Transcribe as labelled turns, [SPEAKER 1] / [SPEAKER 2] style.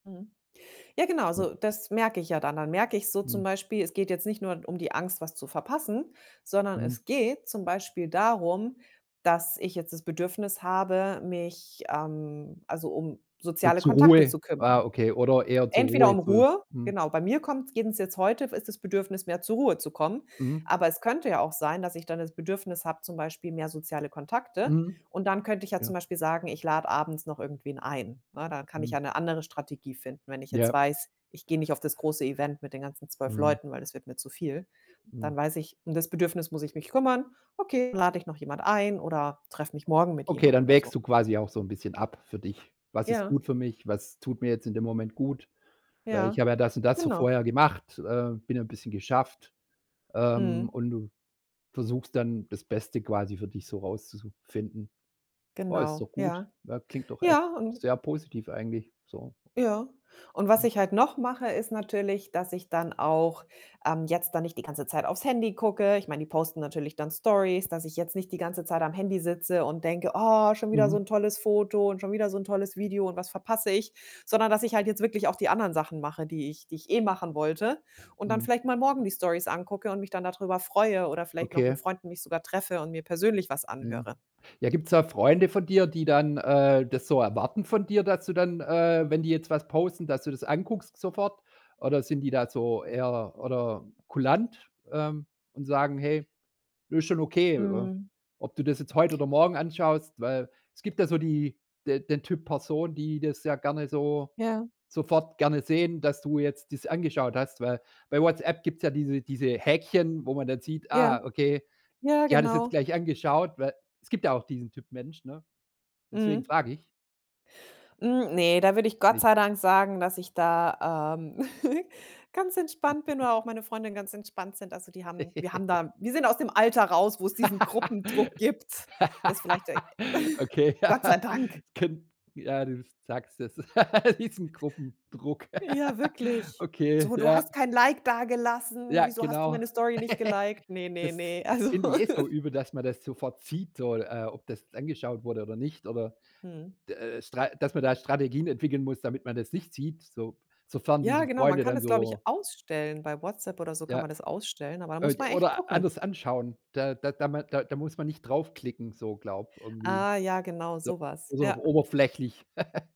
[SPEAKER 1] Mhm. Ja genau, so das merke ich ja dann. Dann merke ich so zum
[SPEAKER 2] Mhm.
[SPEAKER 1] Beispiel, es geht jetzt nicht nur um die Angst, was zu verpassen, sondern
[SPEAKER 2] Mhm.
[SPEAKER 1] es geht zum Beispiel darum, dass ich jetzt das Bedürfnis habe, mich ähm, also um
[SPEAKER 2] Äh,
[SPEAKER 1] soziale
[SPEAKER 2] zur
[SPEAKER 1] Kontakte
[SPEAKER 2] Ruhe
[SPEAKER 1] zu
[SPEAKER 2] ah,
[SPEAKER 1] kümmern.
[SPEAKER 2] okay oder eher zur
[SPEAKER 1] Entweder
[SPEAKER 2] Ruhe
[SPEAKER 1] um
[SPEAKER 2] zu
[SPEAKER 1] Ruhe
[SPEAKER 2] mhm.
[SPEAKER 1] genau. Bei mir kommt's eben jetzt heute ist das Bedürfnis, mehr zur Ruhe zu kommen.
[SPEAKER 2] Mhm.
[SPEAKER 1] Aber es könnte ja auch sein, dass ich dann das Bedürfnis habe, zum Beispiel mehr soziale Kontakte.
[SPEAKER 2] Mhm.
[SPEAKER 1] Und dann könnte ich ja zum
[SPEAKER 2] Ja.
[SPEAKER 1] Beispiel sagen, ich lade abends noch irgendwen ein. Ne, dann kann ich
[SPEAKER 2] Mhm.
[SPEAKER 1] ja 'ne andere Strategie finden. Wenn ich jetzt
[SPEAKER 2] Ja.
[SPEAKER 1] weiß, ich gehe nicht auf das große Event mit den ganzen 12
[SPEAKER 2] Mhm.
[SPEAKER 1] Leuten, weil das wird mir zu viel,
[SPEAKER 2] Mhm.
[SPEAKER 1] dann weiß ich, um das Bedürfnis muss ich mich kümmern. Okay, dann lade ich noch jemand ein oder treffe mich morgen mit
[SPEAKER 2] Okay,
[SPEAKER 1] jemand
[SPEAKER 2] dann
[SPEAKER 1] oder so.
[SPEAKER 2] wägst du quasi auch so 'n bisschen ab für dich. „Was ist
[SPEAKER 1] Ja.
[SPEAKER 2] gut für mich? Was tut mir jetzt in dem Moment gut? Weil
[SPEAKER 1] Ja.
[SPEAKER 2] ich habe ja das und das so
[SPEAKER 1] Genau.
[SPEAKER 2] vorher gemacht, äh, bin ja bisschen geschafft", ähm,
[SPEAKER 1] Mhm.
[SPEAKER 2] und du versuchst dann, das Beste quasi für dich so rauszu zu finden. Ja, ist
[SPEAKER 1] Genau.
[SPEAKER 2] doch gut.
[SPEAKER 1] Ja.
[SPEAKER 2] Na, klingt doch echt
[SPEAKER 1] Ja, un
[SPEAKER 2] sehr positiv eigentlich, so.
[SPEAKER 1] Ja. Und was
[SPEAKER 2] Mhm.
[SPEAKER 1] ich halt noch mache, ist natürlich, dass ich dann auch, ähm, jetzt da nicht die ganze Zeit aufs Handy gucke. Ich meine, die posten natürlich dann Storys dass ich jetzt nicht die ganze Zeit am Handy sitze und denke: „Oh, schon wieder so
[SPEAKER 2] Mhm.
[SPEAKER 1] 'n tolles Foto und schon wieder so 'n tolles Video und was verpasse ich?“ Sondern dass ich halt jetzt wirklich auch die anderen Sachen mache, die ich die ich eh machen wollte und dann
[SPEAKER 2] Mhm.
[SPEAKER 1] vielleicht mal morgen die Storys angucke und mich dann darüber freue oder vielleicht noch mit
[SPEAKER 2] Okay.
[SPEAKER 1] Freunden mich sogar treffe und mir persönlich was
[SPEAKER 2] Mhm.
[SPEAKER 1] anhöre.
[SPEAKER 2] Ja, gibt's da Freunde von dir, die dann, äh, das so erwarten von dir, dass du dann, äh, wenn die jetzt was posten, dass du das anguckst sofort? Oder sind die da so eher oder kulant, ähm, und sagen: „Hey, ist schon okay wa
[SPEAKER 1] Mhm.
[SPEAKER 2] ob du das jetzt heute oder morgen anschaust“, weil es gibt ja so die de den Typ Person, die das ja gerne so
[SPEAKER 1] Ja.
[SPEAKER 2] sofort gerne sehen, dass du jetzt das angeschaut hast, weil bei Whatsapp gibt's ja diese diese Häkchen, wo man dann sieht:
[SPEAKER 1] Ja.
[SPEAKER 2] „Ah, okay,
[SPEAKER 1] Ja,
[SPEAKER 2] die hat das jetzt
[SPEAKER 1] genau.
[SPEAKER 2] gleich angeschaut“, weil es gibt ja auch diesen Typ Mensch, ne? Deswegen
[SPEAKER 1] Mhm.
[SPEAKER 2] frage ich.
[SPEAKER 1] Hm, ne, da würde ich Gott
[SPEAKER 2] Nicht.
[SPEAKER 1] sei Dank sagen, dass ich da, ähm, ganz entspannt bin oder auch meine Freundinnen ganz entspannt sind. Also die haben wir haben da wir sind aus dem Alter raus, wo's diesen Gruppendruck gibt. Das vielleicht ei
[SPEAKER 2] Okay,
[SPEAKER 1] Gott sei
[SPEAKER 2] ja,
[SPEAKER 1] Dank.
[SPEAKER 2] kenn ja, du sagst es, diesen Gruppendruck.
[SPEAKER 1] Ja, wirklich.
[SPEAKER 2] Okay,
[SPEAKER 1] So: „Du hast
[SPEAKER 2] ja.
[SPEAKER 1] kein Like dagelassen.
[SPEAKER 2] Ja,
[SPEAKER 1] Wieso hast du
[SPEAKER 2] genau.
[SPEAKER 1] meine Story nicht gelikt?“ Ne, ne,
[SPEAKER 2] Das
[SPEAKER 1] ne. Also
[SPEAKER 2] finde ich jetzt so übel, dass man das sofort sieht, so, äh, ob das angeschaut wurde oder nicht oder
[SPEAKER 1] Mhm.
[SPEAKER 2] d äh äh, Stra dass man da Strategien entwickeln muss, damit man das nicht sieht, so sofern
[SPEAKER 1] Ja
[SPEAKER 2] diese
[SPEAKER 1] genau, man
[SPEAKER 2] Freunde
[SPEAKER 1] kann
[SPEAKER 2] dann
[SPEAKER 1] das glaube ich
[SPEAKER 2] so
[SPEAKER 1] ausstellen. Bei Whatsapp oder so kann
[SPEAKER 2] Ja,
[SPEAKER 1] man das ausstellen, aber da muss
[SPEAKER 2] od
[SPEAKER 1] man echt
[SPEAKER 2] oder
[SPEAKER 1] gucken.
[SPEAKER 2] anders anschauen. Da da da ma da muss man nicht drauf klicken, so glaube irgendwie.
[SPEAKER 1] Ah ja, genau
[SPEAKER 2] So
[SPEAKER 1] so was.
[SPEAKER 2] so auf
[SPEAKER 1] Ja.
[SPEAKER 2] oberflächlich.